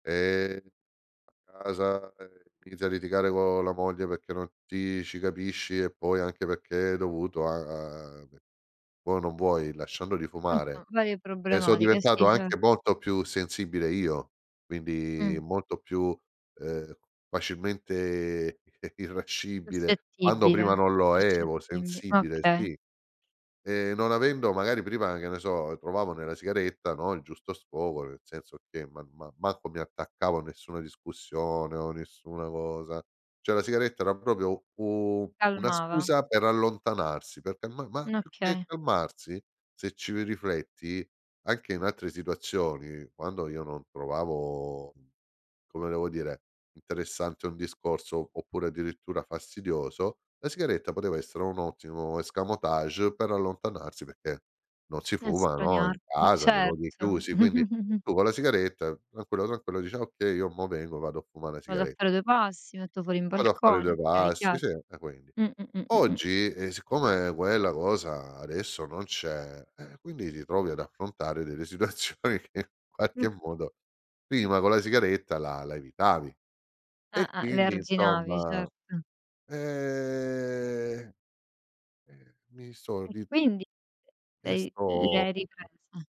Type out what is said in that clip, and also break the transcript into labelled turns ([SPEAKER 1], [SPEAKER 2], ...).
[SPEAKER 1] Eh! A casa, ehm, inizia a litigare co' la moglie perché non ti ci capisci e poi anche perché è dovuto a a ve vuoi o non vuoi, lasciandoli fumare.
[SPEAKER 2] Cento, varie
[SPEAKER 1] E so'
[SPEAKER 2] problematiche,
[SPEAKER 1] diventato
[SPEAKER 2] sì, ce
[SPEAKER 1] anche molto più sensibile io, quindi
[SPEAKER 2] Mh.
[SPEAKER 1] molto più, ehm, facilmente, eh irascibile, quando
[SPEAKER 2] Suscettibile,
[SPEAKER 1] prima non lo ero,
[SPEAKER 2] suscettibi ah
[SPEAKER 1] sensibile,
[SPEAKER 2] okay.
[SPEAKER 1] sì. E non avendo magari prima che ne so, trovavo nella sigaretta, no, il giusto sfogo, nel senso che ma ma manco mi attaccavo a nessuna discussione o nessuna cosa. Cioè la sigaretta era proprio u una
[SPEAKER 2] Calmava.
[SPEAKER 1] scusa per allontanarsi, perché ma ma
[SPEAKER 2] Mh,
[SPEAKER 1] più che
[SPEAKER 2] okay.
[SPEAKER 1] calmarsi, se ci ri rifletti, anche in altre situazioni, quando io non trovavo, mhmm, come devo dire, interessante un discorso, oppure addirittura fastidioso, la sigaretta poteva essere un ottimo escamotage per allontanarsi perché non si fuma, no, in
[SPEAKER 2] Estraniarti,
[SPEAKER 1] casa, nei luoghi
[SPEAKER 2] certo.
[SPEAKER 1] chiusi. Quindi tu con la sigaretta, tranquillo, tranquillo, dici: "Ah, okay, io mo vengo, vado a fumà na
[SPEAKER 2] Vado a
[SPEAKER 1] sigare"
[SPEAKER 2] fare due passi, metto fuori in
[SPEAKER 1] Vado a fare
[SPEAKER 2] balcone.
[SPEAKER 1] due
[SPEAKER 2] Okay,
[SPEAKER 1] passi,
[SPEAKER 2] chiar
[SPEAKER 1] sì, eh quindi.
[SPEAKER 2] Mh, mh, mh, mh, mh, mh.
[SPEAKER 1] Oggi, ehm, siccome quella cosa adesso non c'è, eh quindi ti trovi ad affrontare delle situazioni che in qualche
[SPEAKER 2] Mh.
[SPEAKER 1] modo prima con la sigaretta la la evitavi. E
[SPEAKER 2] Ah-ah, le
[SPEAKER 1] quindi,
[SPEAKER 2] arginavi,
[SPEAKER 1] insomma,
[SPEAKER 2] certo.
[SPEAKER 1] ehm, eh, mi sò
[SPEAKER 2] E
[SPEAKER 1] ri
[SPEAKER 2] quindi, e
[SPEAKER 1] E
[SPEAKER 2] lei le
[SPEAKER 1] sto
[SPEAKER 2] hai riprese.